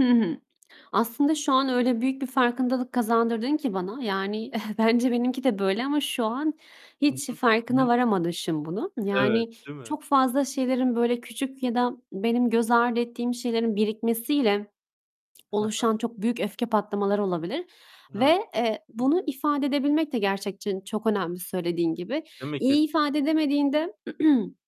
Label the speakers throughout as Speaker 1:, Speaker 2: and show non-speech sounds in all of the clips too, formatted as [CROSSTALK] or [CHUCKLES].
Speaker 1: Hı hı. Aslında şu an öyle büyük bir farkındalık kazandırdın ki bana. Yani, [CHUCKLES] bence benimki de böyle ama şu an
Speaker 2: Hı
Speaker 1: hiç
Speaker 2: hı, ı
Speaker 1: farkına
Speaker 2: hı.
Speaker 1: varamamışım bunun.
Speaker 2: Evet,
Speaker 1: Yani
Speaker 2: değil mi?
Speaker 1: çok fazla şeylerin böyle küçük ya da benim göz ardı ettiğim şeylerin birikmesiyle
Speaker 2: He he.
Speaker 1: oluşan çok büyük öfke patlamaları olabilir
Speaker 2: He. Hı.
Speaker 1: ve, eee, bunu ifade edebilmek de gerçekten çok önemli söylediğin gibi.
Speaker 2: Değil mi?
Speaker 1: İyi ifade
Speaker 2: Kesinlikle.
Speaker 1: edemediğinde [CLEARS THROAT]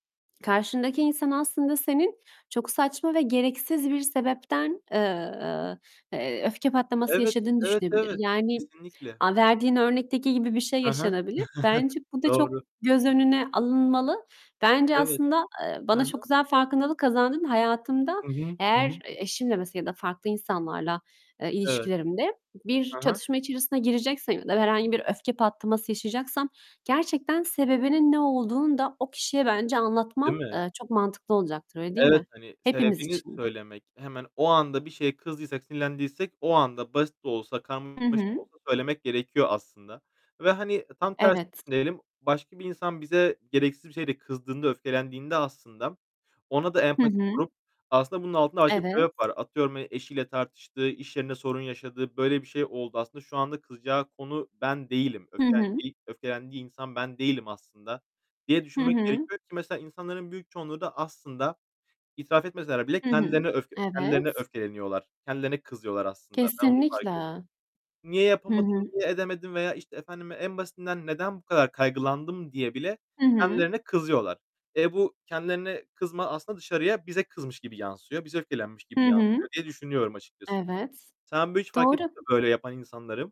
Speaker 1: karşındaki insan aslında senin çok saçma ve gereksiz bir sebepten, eee, eee, öfke patlaması
Speaker 2: Evet.
Speaker 1: yaşadığını
Speaker 2: Evet,
Speaker 1: düşünebilir.
Speaker 2: evet.
Speaker 1: Yani,
Speaker 2: Kesinlikle.
Speaker 1: aaa, verdiğin örnekteki gibi bir şey
Speaker 2: Hı hı.
Speaker 1: yaşanabilir.
Speaker 2: [CHUCKLES]
Speaker 1: Bence bu da çok
Speaker 2: Doğru.
Speaker 1: göz önüne alınmalı. Bence
Speaker 2: Evet.
Speaker 1: aslında, eee,
Speaker 2: He
Speaker 1: bana çok
Speaker 2: he.
Speaker 1: güzel farkındalık kazandırdın. Hayatımda
Speaker 2: Hı hı, hı hı.
Speaker 1: eğer eşimle mesela ya da farklı insanlarla, eee,
Speaker 2: Evet.
Speaker 1: ilişkilerimde bir
Speaker 2: Hı hı.
Speaker 1: çatışma içerisine gireceksem ya da herhangi bir öfke patlaması yaşayacaksam gerçekten sebebinin ne olduğunu da o kişiye bence
Speaker 2: Değil
Speaker 1: anlatmam,
Speaker 2: mi?
Speaker 1: eee, çok mantıklı olacaktır. Öyle değil
Speaker 2: Evet,
Speaker 1: mi?
Speaker 2: hani,
Speaker 1: Hepimiz
Speaker 2: sebebini
Speaker 1: için [UNINTELLIGIBLE]
Speaker 2: söylemek. Hemen o anda bir şeye kızdıysak, sinirlendiysek o anda basit de olsa
Speaker 1: Hı
Speaker 2: karmaşık da
Speaker 1: hı.
Speaker 2: olsa söylemek gerekiyor aslında. Ve, hani, tam tersi
Speaker 1: Evet.
Speaker 2: düşünelim; başka bir insan bize gereksiz bir şeyde kızdığında, öfkelendiğinde aslında ona da
Speaker 1: Hı
Speaker 2: empati
Speaker 1: hı.
Speaker 2: kurup, "Aslında bunun altında başka bir
Speaker 1: Evet.
Speaker 2: sebep var." Atıyorum, hani, eşiyle tartıştı, iş yerinde sorun yaşadı, böyle bir şey oldu. "Aslında şu anda kızacağı konu ben değilim,
Speaker 1: Hı hı.
Speaker 2: öfkelendiği öfkelendiği insan ben değilim aslında." diye
Speaker 1: Hı
Speaker 2: düşünmek
Speaker 1: hı.
Speaker 2: gerekiyor, ki mesela insanların büyük çoğunluğu da aslında itiraf etmeseler bile
Speaker 1: Hı hı.
Speaker 2: kendilerine öfke kendilerine
Speaker 1: Evet.
Speaker 2: öfkeleniyorlar, kendilerine kızıyorlar aslında. Ben onu fark
Speaker 1: Kesinlikle.
Speaker 2: ettim. "Niye
Speaker 1: Hı
Speaker 2: yapamadım,
Speaker 1: hı.
Speaker 2: niye edemedim?" veya, işte, efendim, en basitinden, "Neden bu kadar kaygılandım?" diye bile
Speaker 1: Hı hı.
Speaker 2: kendilerine kızıyorlar. E, bu kendilerine kızma aslında dışarıya bize kızmış gibi yansıyor, bize öfkelenmiş gibi
Speaker 1: Hı hı.
Speaker 2: yansıyor diye düşünüyorum açıkçası.
Speaker 1: Evet,
Speaker 2: Sen bu hiç fark ettin
Speaker 1: doğru.
Speaker 2: mi, böyle yapan insanları?